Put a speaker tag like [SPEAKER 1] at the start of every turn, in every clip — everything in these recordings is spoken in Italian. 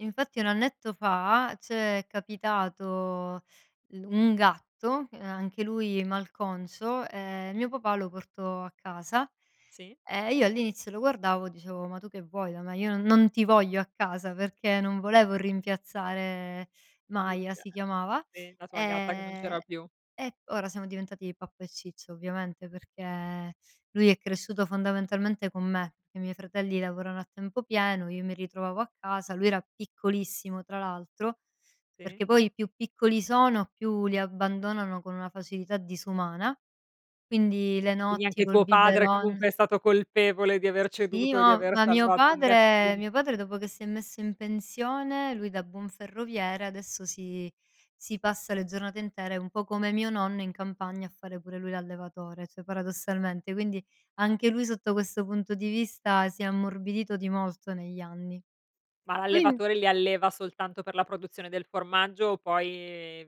[SPEAKER 1] Infatti 1 annetto fa c'è capitato l un gatto, ehm, a anche lui malconcio, ehm, mio papà lo portò a casa.
[SPEAKER 2] Sì.
[SPEAKER 1] Ehm, io all'inizio lo guardavo e dicevo: "Ma tu che vuoi da me? Io non non ti voglio a casa!" Perché non volevo rimpiazzare Maya, si
[SPEAKER 2] [unintelligible]
[SPEAKER 1] chiamava;
[SPEAKER 2] Sì, la tua gatta che non
[SPEAKER 1] ehm,
[SPEAKER 2] c'era più.
[SPEAKER 1] ora siamo diventati pappa e ciccia ovviamente, perché lui è cresciuto fondamentalmente con me, che i miei fratelli lavorano a tempo pieno, io mi ritrovavo a casa, lui era piccolissimo tra l'altro,
[SPEAKER 2] Sì.
[SPEAKER 1] perché poi più piccoli sono, più li abbandonano con una facilità disumana. Quindi le
[SPEAKER 2] Quindi
[SPEAKER 1] notti
[SPEAKER 2] anche
[SPEAKER 1] col
[SPEAKER 2] tuo padre
[SPEAKER 1] biberon.
[SPEAKER 2] comunque è stato colpevole di aver
[SPEAKER 1] Sì,
[SPEAKER 2] ceduto e di
[SPEAKER 1] ma
[SPEAKER 2] aver
[SPEAKER 1] ma mio
[SPEAKER 2] salvato un
[SPEAKER 1] padre
[SPEAKER 2] gatti
[SPEAKER 1] mio padre dopo che si è messo in pensione, lui da buon ferroviere adesso si si passa le giornate intere, un po' come mio nonno in campagna a fare pure lui l'allevatore, cioè paradossalmente. Quindi, anche lui sotto questo punto di vista si è ammorbidito di molto negli anni.
[SPEAKER 2] Ma
[SPEAKER 1] Tu inv
[SPEAKER 2] l'allevatore li alleva soltanto per la produzione del formaggio o poi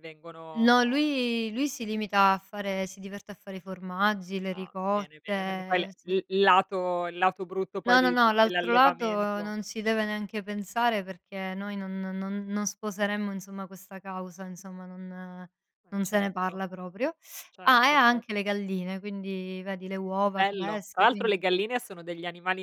[SPEAKER 1] No,
[SPEAKER 2] vengono
[SPEAKER 1] lui lui si limita a fare si diverte a fare i formaggi, le
[SPEAKER 2] Ah.
[SPEAKER 1] ricotte.
[SPEAKER 2] Bene, bene, perché poi
[SPEAKER 1] Ehm,
[SPEAKER 2] le
[SPEAKER 1] sì.
[SPEAKER 2] l il lato il lato brutto poi
[SPEAKER 1] No, no,
[SPEAKER 2] di
[SPEAKER 1] no. L'altro lato
[SPEAKER 2] dell'allevamento
[SPEAKER 1] non ci deve neanche pensare perché noi no non non sposeremmo insomma questa causa insomma, non
[SPEAKER 2] Eh,
[SPEAKER 1] non se ne
[SPEAKER 2] certo.
[SPEAKER 1] parla proprio. Ah, e
[SPEAKER 2] Certo,
[SPEAKER 1] ha
[SPEAKER 2] cer
[SPEAKER 1] anche le galline, quindi vedi le uova
[SPEAKER 2] Bello. Tra
[SPEAKER 1] fresche,
[SPEAKER 2] l'altro le
[SPEAKER 1] quindi
[SPEAKER 2] galline sono degli animali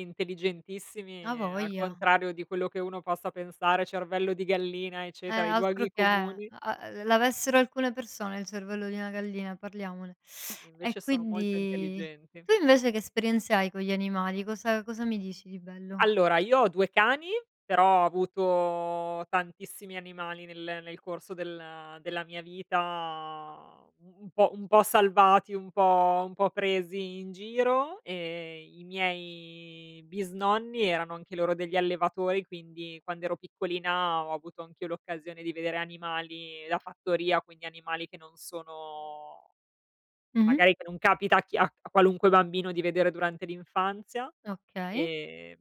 [SPEAKER 1] A
[SPEAKER 2] intelligentissimi al
[SPEAKER 1] voglia.
[SPEAKER 2] contrario di quello che uno possa pensare, cervello di gallina
[SPEAKER 1] Eh,
[SPEAKER 2] eccetera, i
[SPEAKER 1] altro
[SPEAKER 2] luoghi
[SPEAKER 1] che.
[SPEAKER 2] comuni.
[SPEAKER 1] Uhm, ehm, l l'avessero alcune persone il cervello di una gallina, parliamone. E
[SPEAKER 2] Invece sono molto
[SPEAKER 1] quindi
[SPEAKER 2] intelligenti.
[SPEAKER 1] tu invece che esperienze hai con gli animali? Cosa cosa mi dici di bello?
[SPEAKER 2] Allora io ho 2 cani, però ho avuto tantissimi animali nel nel corso della della mia vita, uhm, un po' un po' salvati, un po' un po' presi in giro e i miei bisnonni erano anche loro degli allevatori, quindi quando ero piccolina ho avuto anch'io l'occasione di vedere animali da fattoria, quindi animali che non sono
[SPEAKER 1] Mh-mh.
[SPEAKER 2] magari che non capita a chi a a qualunque bambino di vedere durante l'infanzia.
[SPEAKER 1] Okay.
[SPEAKER 2] Ehm